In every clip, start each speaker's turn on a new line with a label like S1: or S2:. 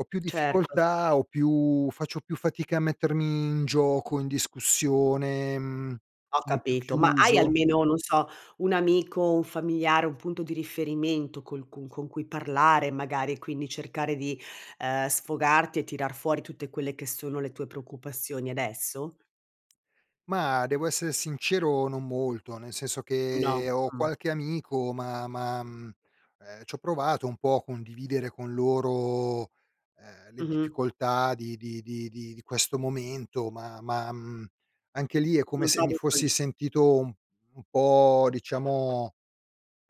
S1: Ho più
S2: Certo se
S1: difficoltà ho più faccio più fatica a mettermi in gioco, in discussione, mhmm,
S2: Ho
S1: sono più
S2: capito, ma hai
S1: chiuso.
S2: almeno, non so, un amico, un familiare, un punto di riferimento col cun con cui parlare, magari, e quindi cercare di, ehm, sfogarti e tirar fuori tutte quelle che sono le tue preoccupazioni adesso?
S1: Ma, devo essere sincero: non molto. Nel senso
S2: No,
S1: che ho
S2: mh.
S1: qualche amico, ma ma, mhmm, ehm, c'ho provato un po' condividere con loro, ehm, le
S2: Mh-mh.
S1: difficoltà di di di di di questo momento, ma ma, mhmm, anche lì è come
S2: Lo
S1: se mi
S2: trovi fri
S1: fossi sentito
S2: mh.
S1: un un po' diciamo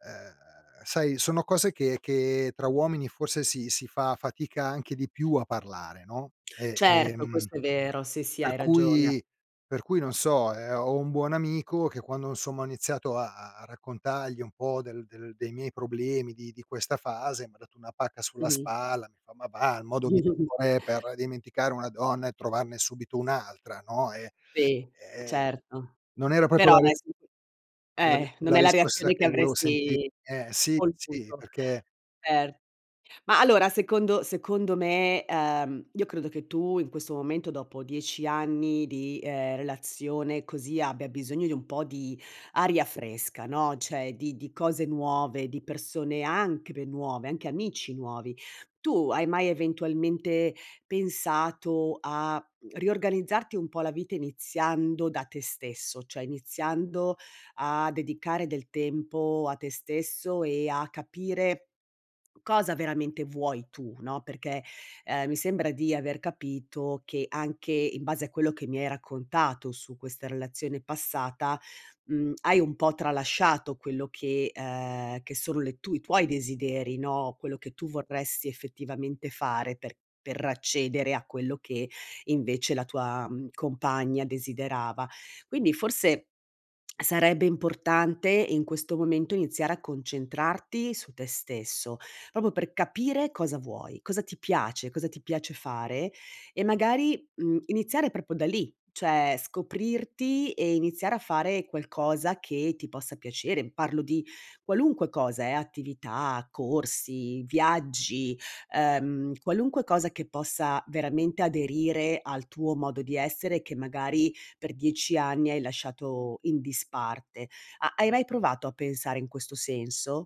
S1: ehm, sai, sono cose che che tra uomini forse si si fa fatica anche di più a parlare, no; e,
S2: Certo,
S1: ehm,
S2: questo è vero, sì, sì, hai
S1: per
S2: ragione.
S1: cui per cui non so. Ehm, ho un buon amico che quando insomma ho iniziato a a a raccontargli un po' del del dei miei problemi di di questa fase, m'ha dato una pacca sulla
S2: Mh-mh.
S1: spalla, mi fa: "Ma va, il modo migliore per dimenticare una donna è trovarne subito un'altra, no?" E,
S2: Sì,
S1: ehm,
S2: certo.
S1: non era proprio
S2: Però
S1: la
S2: dai
S1: re
S2: s
S1: la ri
S2: eh, non
S1: la
S2: è la
S1: risposta
S2: reazione che
S1: che volevo senti
S2: avresti
S1: eh, sì, sì,
S2: voluto.
S1: perché
S2: Cer ma allora, secondo secondo me, uhm, io credo che tu in questo momento, dopo 10 anni di, ehm, relazione così, abbia bisogno di un po' di aria fresca, no, cioè di di cose nuove, di persone anche pe nuove, anche amici nuovi. Tu hai mai eventualmente pensato a riorganizzarti un po' la vita iniziando da te stesso, cioè iniziando a dedicare del tempo a te stesso e a capire cosa veramente vuoi tu, no. Perché, ehm, mi sembra di aver capito che, anche in base a quello che mi hai raccontato su questa relazione passata, mhmm, hai un po' tralasciato quello che ehm, che sono le tu i tuoi desideri, no, quello che tu vorresti effettivamente fare per per accedere a quello che invece la tua, mhmm, compagna desiderava. Quindi forse sarebbe importante in questo momento iniziare a concentrarti su te stesso, proprio per capire cosa vuoi, cosa ti piace, cosa ti piace fare e magari, mhmm, iniziare proprio da lì, cioè scoprirti e iniziare a fare qualcosa che ti possa piacere. Parlo di qualunque cosa eh: attività, corsi, viaggi, ehm, qualunque cosa che possa veramente aderire al tuo modo di essere che magari per 10 anni hai lasciato in disparte. Ha hai mai provato a pensare in questo senso?